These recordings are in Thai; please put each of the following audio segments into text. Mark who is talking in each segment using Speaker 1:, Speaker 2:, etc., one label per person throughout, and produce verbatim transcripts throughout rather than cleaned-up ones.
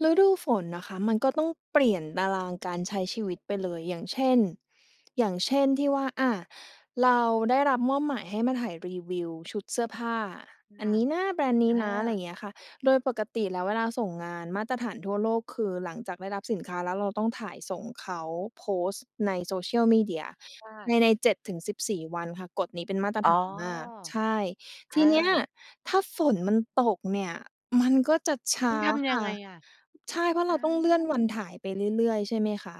Speaker 1: ฤดูฝนนะคะ มันก็ต้องเปลี่ยนตารางการใช้ชีวิตไปเลย อย่างเช่น อย่างเช่น ที่ว่า อา เราได้รับมอบหมายให้มาถ่ายรีวิวชุดเสื้อผ้า
Speaker 2: ค
Speaker 1: อั
Speaker 2: ่
Speaker 1: น
Speaker 2: ะ
Speaker 1: นี้นะ แบรนด์นี้
Speaker 2: อ
Speaker 1: นะ ไรอ
Speaker 2: า
Speaker 1: ย่างเงี้ยค่ะ โดยปกติแล้วเวลาส่งงานมาตรฐานทั่วโลก คือหลังจากได้รับสินค้าแล้วเราต้องถ่ายส่งเขาโพสต์ใน Social Media
Speaker 2: จ้
Speaker 1: ใน
Speaker 2: ะ
Speaker 1: ใน เจ็ด ถึง สิบสี่ วันค่ะ กฎนี้เป็นมาตร
Speaker 2: อ๋
Speaker 1: ฐ
Speaker 2: อ
Speaker 1: านมาก ใช่ ท
Speaker 2: อ
Speaker 1: ีเนี้ย
Speaker 2: า
Speaker 1: ถ้าฝนมันตกเนี่ย มันก็จะ ช
Speaker 2: ต้
Speaker 1: ้
Speaker 2: อ
Speaker 1: า
Speaker 2: งทำย
Speaker 1: ค
Speaker 2: ัง
Speaker 1: ่ะ
Speaker 2: ไงอะ?
Speaker 1: ใช่ เพราะ
Speaker 2: อ
Speaker 1: เราต้องเลื
Speaker 2: า!
Speaker 1: ่อนวันถ่ายไปเรื่อย ๆ ใช่ไหมคะ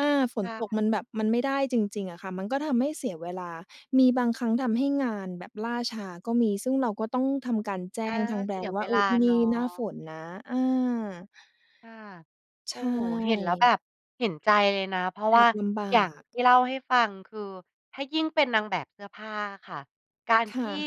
Speaker 1: อา ฝ
Speaker 2: ค
Speaker 1: น
Speaker 2: ่
Speaker 1: ตก
Speaker 2: ะ
Speaker 1: มันแบบ มันไม่ได้จริง ๆ อะค่ะ มันก็ทำให้เสียเวลา มีบางครั้งทำให้งานแบบล่าช้าก็มี ซึ่งเราก็ต้องทำการแจ
Speaker 2: อ
Speaker 1: ้
Speaker 2: า
Speaker 1: งทางแบ
Speaker 2: เ
Speaker 1: ร
Speaker 2: สี
Speaker 1: น
Speaker 2: ย
Speaker 1: ด์ว
Speaker 2: เ
Speaker 1: ่
Speaker 2: ว
Speaker 1: า เอ
Speaker 2: ล
Speaker 1: อ
Speaker 2: า
Speaker 1: ที่น
Speaker 2: เน
Speaker 1: ี
Speaker 2: า
Speaker 1: ่หน้า
Speaker 2: ะ
Speaker 1: ฝนนะ อา
Speaker 2: ค่ะ
Speaker 1: ใ
Speaker 2: โอ
Speaker 1: ช
Speaker 2: ้โฮ เห็นแล้วแบ
Speaker 1: ่
Speaker 2: บเห็นใจเลยนะ เพราะ
Speaker 1: แอ
Speaker 2: ว่า
Speaker 1: บลำบ
Speaker 2: อ
Speaker 1: า
Speaker 2: ย่าง
Speaker 1: ก
Speaker 2: ที่เล่าให้ฟัง คือถ้ายิ่งเป็นนางแบบเสื้อผ้าอะค่ะ การ
Speaker 1: ค
Speaker 2: ท
Speaker 1: ่
Speaker 2: ี่
Speaker 1: ะ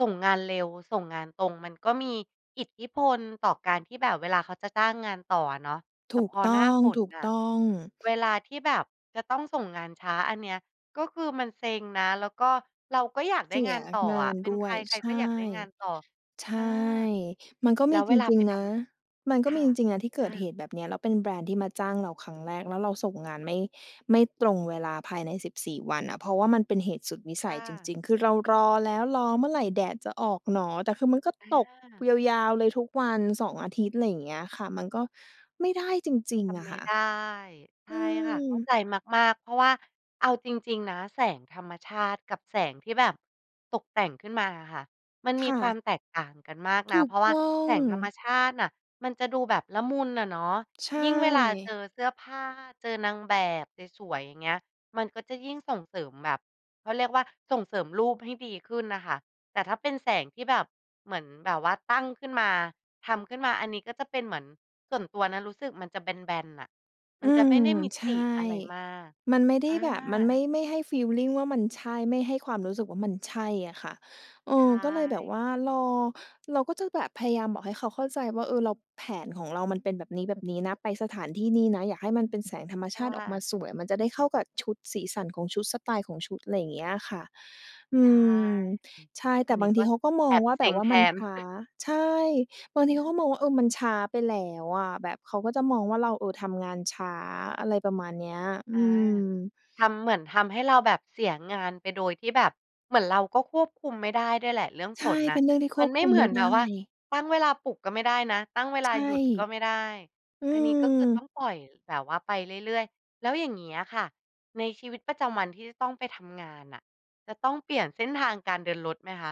Speaker 2: ส่งงานเร็ว ส่งงานตรง มันก็มีอิทธิพลต่อการที่แบบเวลาเขาจะจ้างงานต่ออะเนาะ แต
Speaker 1: ถ
Speaker 2: ่
Speaker 1: ู
Speaker 2: พ
Speaker 1: ก
Speaker 2: อ
Speaker 1: ต
Speaker 2: หน้
Speaker 1: ้
Speaker 2: าฝนอะ
Speaker 1: อง
Speaker 2: เ
Speaker 1: ๆ
Speaker 2: วลาที่แบบจะต้องส่งงานช้าอันเนี้ย ก็คือมันเซ็งนะ แล้วก็เราก็อยากไ
Speaker 1: เ
Speaker 2: ด้
Speaker 1: สี
Speaker 2: ง
Speaker 1: ย
Speaker 2: านต่อ
Speaker 1: ง
Speaker 2: อ
Speaker 1: า
Speaker 2: ะ
Speaker 1: น
Speaker 2: เป็น
Speaker 1: ด
Speaker 2: ใ
Speaker 1: ้
Speaker 2: ค
Speaker 1: วย
Speaker 2: ร
Speaker 1: ใช
Speaker 2: ๆ ก็อ
Speaker 1: ่
Speaker 2: ยากได้งานต่อ
Speaker 1: ใช
Speaker 2: อา
Speaker 1: ่ มันก็
Speaker 2: แล
Speaker 1: ม
Speaker 2: ้
Speaker 1: ี
Speaker 2: วเ
Speaker 1: จ
Speaker 2: วลา
Speaker 1: ริ
Speaker 2: ไป
Speaker 1: ง ๆ
Speaker 2: ท
Speaker 1: นะ มัน
Speaker 2: ำ
Speaker 1: ก
Speaker 2: ค
Speaker 1: ็ม
Speaker 2: ่
Speaker 1: ี
Speaker 2: ะ
Speaker 1: จริง ๆ นะที่เก
Speaker 2: อ
Speaker 1: ิดเห
Speaker 2: า
Speaker 1: ตุแบบเนี้ย แล้วเป็นแบรนด์ที่มาจ้างเราครั้งแรก แล้วเราส่งงานไม่ ไม่ตรงเวลาภายใน สิบสี่ วันอะ เพราะว่ามันเป็นเหตุสุดวิส
Speaker 2: จ้
Speaker 1: ัยจ
Speaker 2: ะ
Speaker 1: ริง ๆ คือเรารอแล้ว รอเมื่อไรแดดจะออกหนอ แต่คือมันก็
Speaker 2: อ
Speaker 1: ตก
Speaker 2: า
Speaker 1: ยาว ๆ เลยทุกวัน สอง อาทิตย์ ไรอย่างเงี้ยค่ะ มันก็ไม่ได้จริง
Speaker 2: ท
Speaker 1: ๆ อ
Speaker 2: ำ
Speaker 1: ะ
Speaker 2: ไม
Speaker 1: ค
Speaker 2: ่
Speaker 1: ่ะ
Speaker 2: ได้ ใช
Speaker 1: อ
Speaker 2: ่
Speaker 1: ื
Speaker 2: ค่ะ
Speaker 1: ม
Speaker 2: เข้าใจมาก ๆ เพราะว่าเอาจริง ๆ นะ แสงธรรมชาติกับแสงที่แบบตกแต่งขึ้นมาอะค่ะ มัน
Speaker 1: ค
Speaker 2: มี
Speaker 1: ่
Speaker 2: คว
Speaker 1: ะ
Speaker 2: ามแตกต่างกันมากน
Speaker 1: ถ
Speaker 2: ะ
Speaker 1: ู
Speaker 2: เพ
Speaker 1: ก
Speaker 2: ราะว่
Speaker 1: ต
Speaker 2: า
Speaker 1: ้อ
Speaker 2: แส
Speaker 1: ง
Speaker 2: งธรรมชาติน่ะ มันจะดูแบบละมุนน่ะเนาะ
Speaker 1: ใช
Speaker 2: ยิ่งเวลาเจ
Speaker 1: ่
Speaker 2: อเสื้อผ้า เจอนางแบบสวย ๆ อย่างเงี้ย มันก็จะยิ่งส่งเสริมแบบ เขาเรียกว่า ส่งเสริมรูปให้ดีขึ้นน่ะค่ะ แต่ถ้าเป็นแสงที่แบบเหมือนแบบว่าตั้งขึ้นมา ทำขึ้นมา อันนี้ก็จะเป็นเหมือน ส่วนตัวนะรู้สึกมันจะแบน ๆ น่ะ มั
Speaker 1: อ
Speaker 2: น
Speaker 1: ื
Speaker 2: จะไม่
Speaker 1: ม
Speaker 2: ได้มิ
Speaker 1: ใช
Speaker 2: ต
Speaker 1: ่
Speaker 2: ิอะไรมาก
Speaker 1: มันไม่ได
Speaker 2: อ
Speaker 1: ้
Speaker 2: า!
Speaker 1: แบบ มันไม่ ไม่ให้ฟีลลิงว่ามันใช่ ไม่ให้ความรู้สึกว่า มันใช่อะค่ะ เอ
Speaker 2: ใช่
Speaker 1: อ ก็เลยแบบว่ารอ เราก็จะแบบพยายามบอกให้เขาเข้าใจว่า เออ เรา แผนของเรามันเป็นแบบนี้ ๆ นะ ไปสถานที่นี่นะ อยากให้มันเป็นแสงธรรม
Speaker 2: ค
Speaker 1: ช
Speaker 2: ่
Speaker 1: าติออกม
Speaker 2: ะ
Speaker 1: าสวย มันจะได้เข้ากับชุด สีสันของชุด สไตล์ของชุด ไรอย่างเงี้ยค่ะ อ
Speaker 2: ใ
Speaker 1: ื
Speaker 2: ช่
Speaker 1: ม ใช่
Speaker 2: อ
Speaker 1: แ
Speaker 2: อ
Speaker 1: ต
Speaker 2: ั
Speaker 1: ่
Speaker 2: นนี
Speaker 1: บ
Speaker 2: ้
Speaker 1: าง
Speaker 2: ก
Speaker 1: ที
Speaker 2: ็
Speaker 1: เขาก็ม
Speaker 2: แ
Speaker 1: อ
Speaker 2: อ
Speaker 1: ง
Speaker 2: บ
Speaker 1: ว่า
Speaker 2: เซ
Speaker 1: แบ
Speaker 2: ็
Speaker 1: บ
Speaker 2: ง
Speaker 1: ว่า
Speaker 2: แท
Speaker 1: มัน
Speaker 2: น
Speaker 1: ช้า ใช่ บางที
Speaker 2: อ
Speaker 1: เขา
Speaker 2: า
Speaker 1: ก็มองว่า เออ มันช้าไปแล้วอะ แบบเขาก็จะมองว่าเรา เออ ทำงานช้า อะไรประมาณเนี้ย อื
Speaker 2: อา
Speaker 1: ม
Speaker 2: ทำ เหมือนทำให้เราแบบเสียงานไป โดยที่แบบ เหมือนเราก็ควบคุมไม่ได้ด้วยแหละเรื่อง
Speaker 1: ใช
Speaker 2: ฝ
Speaker 1: ่
Speaker 2: นอ
Speaker 1: เป
Speaker 2: ะ
Speaker 1: ็นเรื่องที่ค
Speaker 2: มั
Speaker 1: ว
Speaker 2: น
Speaker 1: บ
Speaker 2: ไม
Speaker 1: ค
Speaker 2: ่
Speaker 1: ุม
Speaker 2: เหม
Speaker 1: ไ
Speaker 2: ื
Speaker 1: ม
Speaker 2: อ
Speaker 1: ่
Speaker 2: น
Speaker 1: ไ
Speaker 2: แบ
Speaker 1: ด้
Speaker 2: บว่า ตั้งเวลาปลุกก็ไม่ได้นะ ตั้งเวล
Speaker 1: ใช
Speaker 2: า
Speaker 1: ่
Speaker 2: หยุดก็ไม่ได้
Speaker 1: อื
Speaker 2: อันนี้ก็คือต้อ
Speaker 1: ม
Speaker 2: งปล่อยแบบว่าไปเรื่อย ๆ แล้วอย่างงี้อะค่ะ ในชีวิตประจำวันที่จะต้องไปทำงานอะ จะต้องเปลี่ยนเส้นทางการเดินรถไหมคะ?